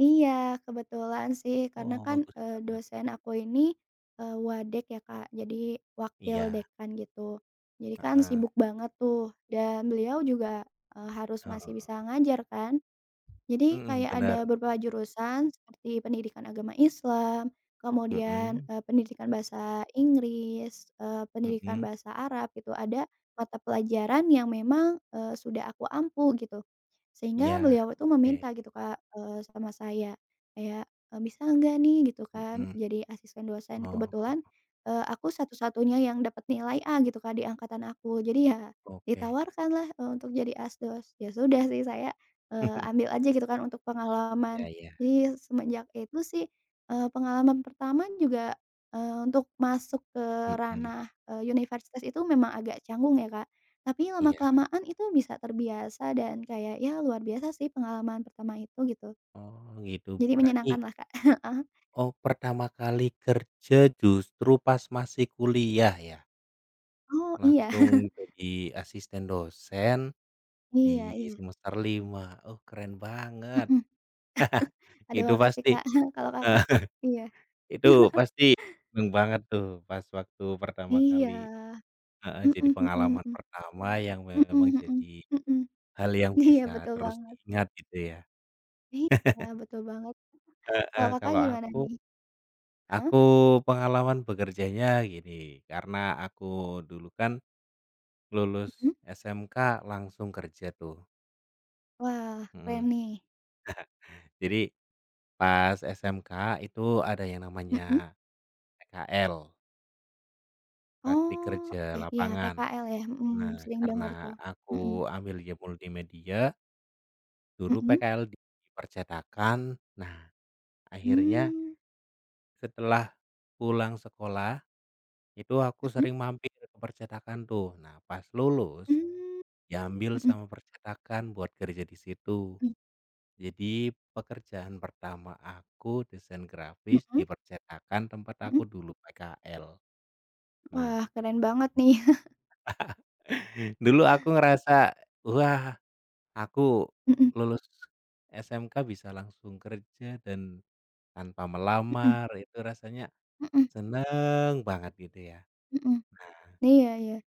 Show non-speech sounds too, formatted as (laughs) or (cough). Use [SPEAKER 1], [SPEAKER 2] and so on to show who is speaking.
[SPEAKER 1] Iya, kebetulan sih. Karena
[SPEAKER 2] Oh,
[SPEAKER 1] kan,
[SPEAKER 2] bagus
[SPEAKER 1] eee,
[SPEAKER 2] banget.
[SPEAKER 1] dosen aku ini, eee, wadek ya, Kak, jadi, wakil
[SPEAKER 2] Iya.
[SPEAKER 1] dekan gitu. Jadi kan,
[SPEAKER 2] Heeh.
[SPEAKER 1] sibuk banget tuh, dan beliau juga, eee, harus
[SPEAKER 2] Heeh.
[SPEAKER 1] masih bisa ngajar, kan? Jadi,
[SPEAKER 2] Mhm,
[SPEAKER 1] kayak
[SPEAKER 2] benar.
[SPEAKER 1] ada beberapa jurusan seperti, pendidikan agama islam, kemudian,
[SPEAKER 2] Mhm.
[SPEAKER 1] eee, pendidikan Bahasa Inggris, eee, pendidikan
[SPEAKER 2] Mhm.
[SPEAKER 1] Bahasa Arab gitu, ada mata pelajaran yang memang, eee, sudah aku ampu, gitu. Sehingga
[SPEAKER 2] Iya,
[SPEAKER 1] beliau itu
[SPEAKER 2] oke.
[SPEAKER 1] meminta gitu, Kak, eee, sama saya, kayak, e "Bisa enggak nih," gitu kan,
[SPEAKER 2] Heeh.
[SPEAKER 1] "jadi asisten dosen?"
[SPEAKER 2] Oh.
[SPEAKER 1] Kebetulan, eee, aku satu-satunya yang dapat nilai A, gitu, Kak, di angkatan aku. Jadi, ya
[SPEAKER 2] Oke.
[SPEAKER 1] ditawarkanlah, eee, untuk jadi asdos. Ya, sudah sih, saya, eee,
[SPEAKER 2] (chuckles)
[SPEAKER 1] ambil aja gitu kan untuk
[SPEAKER 2] Iya
[SPEAKER 1] pengalaman.
[SPEAKER 2] iya.
[SPEAKER 1] Jadi, ya, semenjak itu sih, eee, pengalaman pertama juga, eee, untuk masuk ke
[SPEAKER 2] Mhm.
[SPEAKER 1] ranah, eee, universitas itu memang agak canggung ya, Kak. Tapi
[SPEAKER 2] Iya.
[SPEAKER 1] lama-kelamaan itu bisa terbiasa dan kayak, ya, luar biasa sih pengalaman pertama itu, gitu.
[SPEAKER 2] Oh, gitu.
[SPEAKER 1] Jadi,
[SPEAKER 2] Berarti
[SPEAKER 1] menyenangkanlah, Kak. (chuckles)
[SPEAKER 2] Oh, pertama kali kerja, justru pas masih kuliah, ya?
[SPEAKER 1] Oh, iya.
[SPEAKER 2] Langsung
[SPEAKER 1] (laughs)
[SPEAKER 2] jadi asisten dosen di
[SPEAKER 1] Iya iya.
[SPEAKER 2] semester 5. Oh, keren
[SPEAKER 1] Mhm.
[SPEAKER 2] banget!
[SPEAKER 1] (chuckles)
[SPEAKER 2] (chuckles)
[SPEAKER 1] Aduh,
[SPEAKER 2] Itu
[SPEAKER 1] makasih,
[SPEAKER 2] pasti
[SPEAKER 1] Kak. (chuckles) Kalau Kakak? Iya.
[SPEAKER 2] (chuckles) Itu
[SPEAKER 1] (laughs)
[SPEAKER 2] pasti seneng banget tuh, pas waktu pertama
[SPEAKER 1] Iya.
[SPEAKER 2] kali. Heeh, jadi
[SPEAKER 1] Mhm mhm
[SPEAKER 2] pengalaman
[SPEAKER 1] mhm.
[SPEAKER 2] pertama yang
[SPEAKER 1] Mhm
[SPEAKER 2] memang
[SPEAKER 1] mhm.
[SPEAKER 2] jadi
[SPEAKER 1] Mhm.
[SPEAKER 2] hal yang
[SPEAKER 1] Iya,
[SPEAKER 2] bisa
[SPEAKER 1] betul
[SPEAKER 2] terus
[SPEAKER 1] banget.
[SPEAKER 2] diingat, gitu, ya?
[SPEAKER 1] Iya,
[SPEAKER 2] (laughs)
[SPEAKER 1] betul banget. Kalau
[SPEAKER 2] Heeh.
[SPEAKER 1] Kakak
[SPEAKER 2] Kalau
[SPEAKER 1] gimana,
[SPEAKER 2] aku,
[SPEAKER 1] nih? Heeh?
[SPEAKER 2] aku pengalaman bekerjanya gini, karena aku dulu kan lulus
[SPEAKER 1] Mhm?
[SPEAKER 2] SMK langsung kerja tuh.
[SPEAKER 1] Wah,
[SPEAKER 2] Heeh.
[SPEAKER 1] keren nih.
[SPEAKER 2] (chuckles) Jadi, pas SMK itu ada yang
[SPEAKER 1] Mhm.
[SPEAKER 2] namanya PKL. Praktik
[SPEAKER 1] Oh,
[SPEAKER 2] kerja
[SPEAKER 1] oke. Iya.
[SPEAKER 2] lapangan.
[SPEAKER 1] PKL, ya?
[SPEAKER 2] Nah,
[SPEAKER 1] Mhm, sering dengar
[SPEAKER 2] karena
[SPEAKER 1] tuh.
[SPEAKER 2] aku
[SPEAKER 1] Mhm.
[SPEAKER 2] ambilnya multimedia dulu
[SPEAKER 1] Mhm.
[SPEAKER 2] PKL di percetakan. Nah, akhirnya
[SPEAKER 1] Mmm.
[SPEAKER 2] setelah pulang sekolah, itu aku
[SPEAKER 1] Mhm.
[SPEAKER 2] sering mampir ke percetakan, tuh. Nah, pas lulus,
[SPEAKER 1] Mmm.
[SPEAKER 2] diambil
[SPEAKER 1] Mhm.
[SPEAKER 2] sama percetakan buat kerja di situ.
[SPEAKER 1] Mhm.
[SPEAKER 2] Jadi, pekerjaan pertama aku desain grafis di
[SPEAKER 1] Mhm.
[SPEAKER 2] percetakan tempat aku
[SPEAKER 1] Mhm.
[SPEAKER 2] dulu PKL. Nah,
[SPEAKER 1] Wah, keren banget nih. (chuckles)
[SPEAKER 2] (laughs) dulu aku ngerasa, "Wah! aku
[SPEAKER 1] Mhm.
[SPEAKER 2] lulus SMK, bisa langsung kerja dan tanpa
[SPEAKER 1] Mhm.
[SPEAKER 2] melamar." Itu rasanya
[SPEAKER 1] Heeh.
[SPEAKER 2] seneng banget gitu ya.
[SPEAKER 1] Mhm.
[SPEAKER 2] Nah
[SPEAKER 1] Iya iya.